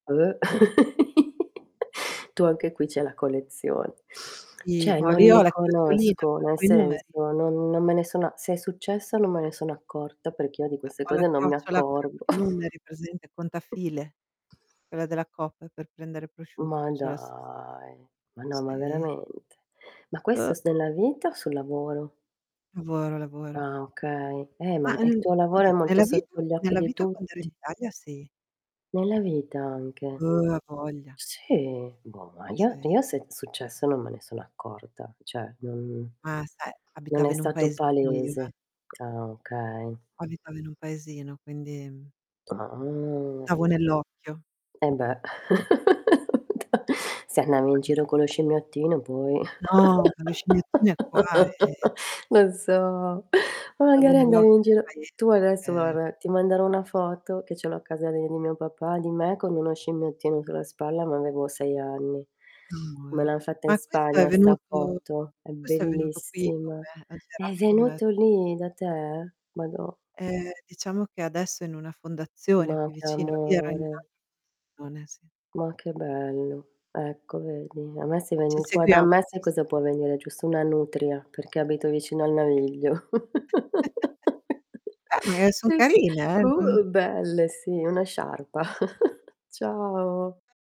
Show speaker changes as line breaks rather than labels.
Tu anche qui c'hai la collezion
I
Cioè,
no
non
lì ho
li
la chiocciolina, ho
conosco, nel
tolto i numeri.
senso non non me ne sono se è successa non me ne sono accorta, perché io di
E
queste
ho la
cose non mi
chiocciola, quella con
accorgo.
i numeri, presente, contafile, quella della coop per prendere prosciutto,
Ma
cioè la stess
dai. Ma no ma
Sì.
veramente. Ma
Oh!
questo s nella vita o sul lavoro?
Lavora, lavora.
Ah, okay. Eh, ma
Ah,
e il
uhm
tuo lavoro è
Oddio,
molto
nella vita
sotto gli occhi
nella
di
vita quando ero in
tutti.
Italia, sì.
Nella vita anche.
Uh! Avoglia!
Sì, boh, ma io
Sì.
io se è successo non me ne sono accorta, cioè non
Ma sai,
non
abitava
è
in un
stato
paesino io, eh.
palese. Ah, okay.
Abitavo in un paesino quindi, mhmm
Ahn.
davo nell'occhio.
E beh, da se andavi in giro
[unintelligible]
con lo scimmiottino, poi.
No, ma la scimmiettina qua, eh.
Lo so. O
Davo
magari
nell'
andavo
occhio
in
nel
giro tu adesso,
paese.
guarda, ti manderò una foto che ce l'ho a casa di di mio papà, di me con uno scimmiottino sulla spalla, ma avevo 6 anni. Me
Amore.
l'han fatta in
Ma, questo è
Spagna 'sta
venuto
foto, è
questo è venuto qui con
bellissima.
me, ha
È
girato con me.
venuto lì da te? Madò.
Eh, diciamo che adesso è in una fondazione
Ma
qui
che
vicino, io ero in
amore!
un'al [unintelligible] sì.
Ma che bello. Ecco vedi? A me se
Ci
vieni qua da
seguiamo,
me
ci
sai cosa
seguiamo.
può venire, giusto una nutria, perché abito vicino al naviglio.
Eh, ma è son
Che s
carine,
Uh,
eh. Non
uhm, belle sì, una sciarpa. Ciao.